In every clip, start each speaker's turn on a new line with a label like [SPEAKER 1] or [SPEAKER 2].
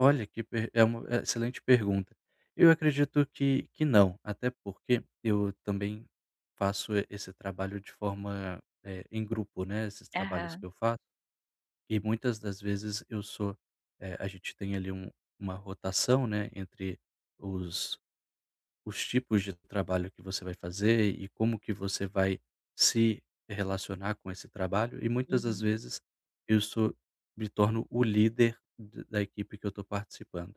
[SPEAKER 1] Olha que per é uma é excelente pergunta. Eu acredito que que não, até porque, eu também faço, eh, esse trabalho de forma, eh, em grupo, né, esses trabalhos que
[SPEAKER 2] Aham.
[SPEAKER 1] eu faço. E, muitas das vezes, eu sou, eh, a gente tem ali um uma rotação, né, entre os os tipos de trabalho que você vai fazer e como que você vai se relacionar com esse trabalho, e muitas das
[SPEAKER 2] Uhum.
[SPEAKER 1] vezes, eu sou me torno o líder d da equipe que eu estou participando.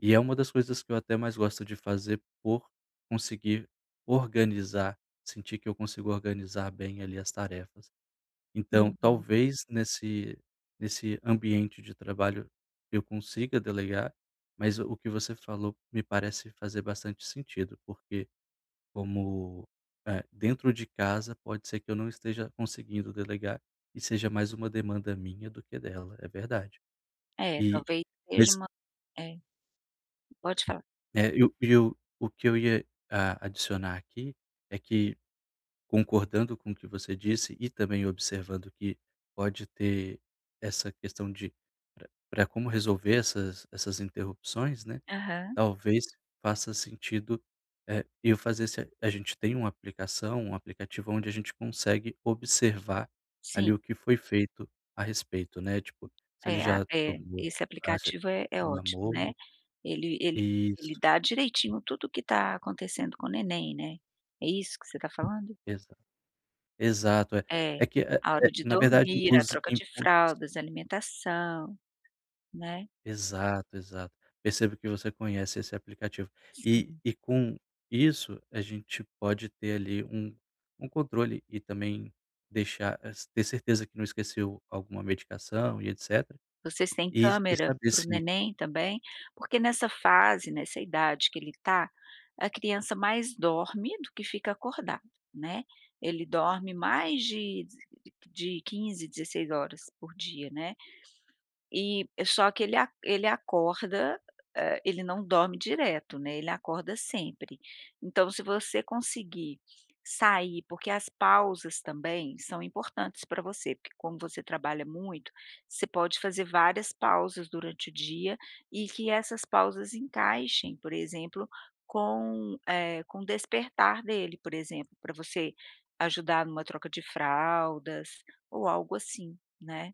[SPEAKER 1] E é uma das coisas que eu até mais gosto de fazer por conseguir organizar, sentir que eu consigo organizar bem ali as tarefas. Então,
[SPEAKER 2] Uhum.
[SPEAKER 1] talvez nesse nesse ambiente de trabalho eu consiga delegar, mas o que você falou me parece fazer bastante sentido, porque como, eh, dentro de casa, pode ser que eu não esteja conseguindo delegar, e seja mais uma demanda minha, do que dela. É verdade.
[SPEAKER 2] É.
[SPEAKER 1] E,
[SPEAKER 2] Talvez
[SPEAKER 1] mas
[SPEAKER 2] seja uma. É. Pode falar.
[SPEAKER 1] É. Eu eu o que eu ia, a adicionar aqui é que, concordando com o que você disse e também observando que pode ter essa questão de pra pra, como resolver essas essas interrupções, né,
[SPEAKER 2] Aham.
[SPEAKER 1] talvez faça sentido, eh, eu fazer se a a gente tem uma aplicação um aplicativo onde a gente consegue observar
[SPEAKER 2] Sim.
[SPEAKER 1] ali o que foi feito a respeito, né, tipo se ele
[SPEAKER 2] É. Ah,
[SPEAKER 1] já
[SPEAKER 2] é
[SPEAKER 1] tomou,,
[SPEAKER 2] Esse
[SPEAKER 1] [unintelligible]
[SPEAKER 2] aplicativo é é
[SPEAKER 1] já
[SPEAKER 2] ótimo, né.
[SPEAKER 1] mamou
[SPEAKER 2] Ele ele ele
[SPEAKER 1] Isso.
[SPEAKER 2] dá direitinho tudo o que tá acontecendo com o neném, né? É isso que você tá falando?
[SPEAKER 1] Exa Exato. É
[SPEAKER 2] É.
[SPEAKER 1] é que, eh
[SPEAKER 2] A hora
[SPEAKER 1] eh,
[SPEAKER 2] de
[SPEAKER 1] na verdade
[SPEAKER 2] dormir, a
[SPEAKER 1] os
[SPEAKER 2] troca de
[SPEAKER 1] inputs
[SPEAKER 2] fraldas, alimentação, né.
[SPEAKER 1] Exato, exato. Percebo que você conhece esse aplicativo. E
[SPEAKER 2] Sim.
[SPEAKER 1] e com isso a gente pode ter ali um um controle e também deixar es ter certeza que não esqueceu alguma medicação e etc.
[SPEAKER 2] Vocês têm
[SPEAKER 1] E e
[SPEAKER 2] câmera
[SPEAKER 1] saber
[SPEAKER 2] para o
[SPEAKER 1] se
[SPEAKER 2] neném também? Porque nessa fase, nessa idade que ele tá, a criança mais dorme do que fica acordado, né. Ele dorme mais de de de 15, 16h por dia, né. E, só que ele ele acorda, eh, ele não dorme direto, né, ele acorda sempre. Então, você conseguir sair, porque as pausas também são importantes pra você, porque como você trabalha muito, você pode fazer várias pausas durante o dia e que essas pausas encaixem, por exemplo, com, eh, com o despertar dele, por exemplo, pra você ajudar numa troca de fraldas, ou algo assim, né.